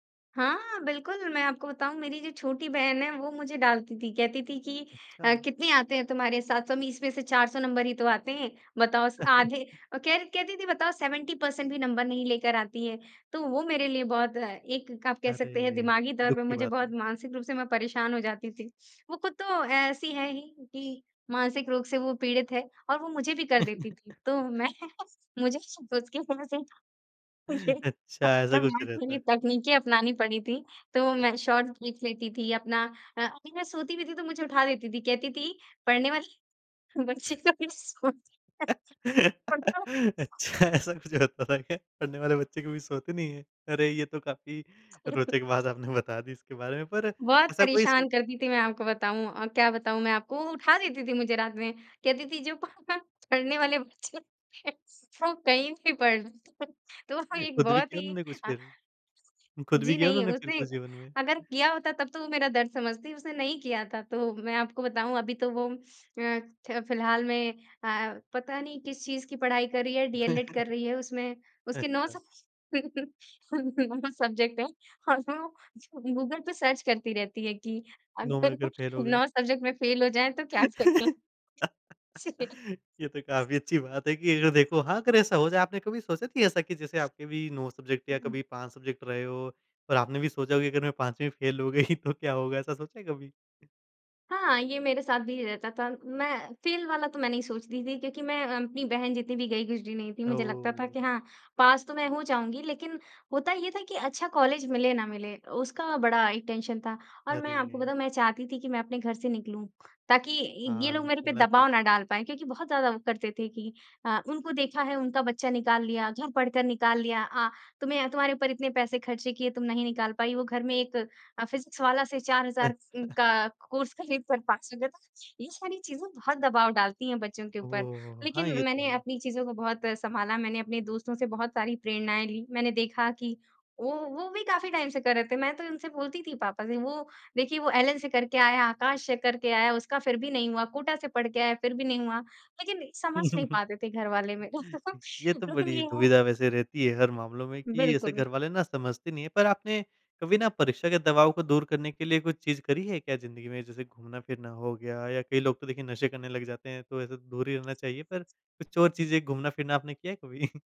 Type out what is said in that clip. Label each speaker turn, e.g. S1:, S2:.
S1: हाँ, बिल्कुल। मैं आपको बताऊँ मेरी जो छोटी बहन है वो मुझे डाँटती थी। कहती थी कि अ,
S2: अच्छा।
S1: कितने आते हैं तुम्हारे 720 में इसमें से 400 नंबर ही तो आते हैं। बताओ स आधे औ कहर कहती थी बताओ 70% भी नंबर नहीं लेकर आती है। तो वो मेरे लिए बहुत अ, एक आप कह सकते हैं
S2: अरे!
S1: दिमागी तौर
S2: दुःख
S1: पर
S2: की
S1: मुझे
S2: बात
S1: बहुत
S2: है।
S1: मानसिक रूप से मैं परेशान हो जाती थी। वो खुद तो ऐसी है ही, कि मानसिक रोग से वो पीड़ित है, और वो मुझे भी कर देती थी। तो मैं मुझे उसके वज़ह से ही ये
S2: अच्छा ऐसा कुछ
S1: खतरनाक
S2: रहता
S1: वाली
S2: है।
S1: तकनीके अपनानी पड़ी थी। तो मैं शॉर्ट्स देख लेती थी अपना अ, कभी मैं सोती भी थी तो मुझे उठा देती थी। कहती थी, पढ़ने वाले बच्चे कभी सोते नहीं खुद तो
S2: अच्छा ऐसा कुछ होता था क्या? पढ़ने वाले बच्चे कभी सोते नहीं है। अरे! ये तो काफ़ी रोचक बात आपने बता दी इसके बारे में, पर
S1: बहुत
S2: ऐसा कोई स
S1: परेशान करती थी मैं आपको बताऊँ अ, क्या बताऊँ मैं आपको, वो उठा देती थी मुझे रात में कहती थी। जो पह पढ़ने वाले बच्चे है वो कहीं भी पढ़ लेंते है। तो एक
S2: खुद भी
S1: बहुत
S2: किया
S1: ही
S2: उन्होंने कुछ फिर? खुद भी
S1: जी
S2: किया
S1: नहीं
S2: उन्होंने फिर
S1: उसने
S2: कुछ जीवन में?
S1: अगर किया होता तब तो वो मेरा दर्द समझती, उसने नहीं किया था। तो मैं आपको बताऊँ अभी तो वो अ, ख फिलहाल में अ, पता नहीं किस चीज़ की पढ़ाई कर रही है। डीएलएड कर रही है। उसमें उसके 9
S2: अच्छा।
S1: सब सब्जेक्ट हैं, और उसमे वो गूगल पे सर्च करती रहती है कि
S2: 9 में
S1: अगर
S2: अगर फ़ेल हो गए।
S1: 9 सब्जेक्ट में फ़ेल हो जाए तो क्या करें।
S2: ये तो काफ़ी अच्छी बात है, कि अगर देखो हाँ, अगर ऐसा हो जाता कभी सोचे थे ऐसा कि जैसे आपके भी 9 सब्जेक्ट या
S1: हुँ।
S2: कभी 5 सब्जेक्ट रहे हो और आपने भी सोचा कि अगर मैं 5 में फ़ेल हो गई तो क्या होगा? ऐसा सोचा है कभी?
S1: हाँ। ये मेरे साथ भी रहता था मैं फ़ेल वाला तो मैं नहीं सोचती थी। क्योंकि मैं अ, अपनी बहन जितनी भी गई गुजरी नहीं थी। मुझे लगता था कि
S2: ओह!
S1: हाँ, पास तो मैं हो जाऊँगी। लेकिन होता ये था कि अच्छा कॉलेज मिले ना मिले, उसका बड़ा एक टेंशन था। और मैं आपको
S2: अरे!
S1: बताऊँ मैं चाहती थी कि मैं अपने घर से निकलूँ। ताकि इ ये
S2: हाँ,
S1: लोग मेरे पर
S2: चलना चाहिए।
S1: दबाव न डाल पाएँ। क्योंकि बहुत ज़्यादा वो करते थे कि, अ, उनको देखा है उनका बच्चा निकाल लिया घर पढ़कर निकाल लिया, तुम्हें तुम्हारे ऊपर इतने पैसे खर्चे किए, तुम नहीं निकाल पाई। वो घर में एक अ, फिज़िक्सवाला से चार
S2: अ।
S1: हज़ार उन का कोर्स खरीद कर पास हो गया। तो ये सारी चीजें बहुत दबाव डालती हैं, बच्चों के
S2: ओहो
S1: ऊपर।
S2: हो हो! हाँ,
S1: लेकिन
S2: ये तो
S1: मैंने
S2: है।
S1: अपनी चीज़ों को बहुत अ, संभाला मैंने अपने दोस्तों से बहुत सारी प्रेरणाएँ ली। मैंने देखा कि वो वो भी काफ़ी टाइम से कर रहे थे। मैं तो उनसे बोलती थी पापा से वो देखिए, वो एलेन से करके आया, आकाश से करके आया, उसका फिर भी नहीं हुआ कोटा से पढ़ के आया, फिर भी नहीं हुआ। लेकिन समझ नहीं पाते थे घर वाले मेरे को
S2: ये तो
S1: लेकिन
S2: बड़ी
S1: ये है
S2: दुविधा वैसे रहती है, हर मामलों में कि ऐसे
S1: बिल्कुल।
S2: घर वाले ना समझते नहीं हैं। पर आपने कभी ना परीक्षा के दबाव को दूर करने के लिए कुछ चीज़ करी है क्या जिंदगी में? जैसे घूमना-फ़िरना हो गया या कई लोग तो देखिए नशे करने लग जाते हैं, तो ऐसे दूर ही रहना चाहिए। पर कुछ और चीज़ें घूमना-फिरना आपने किया है कभी?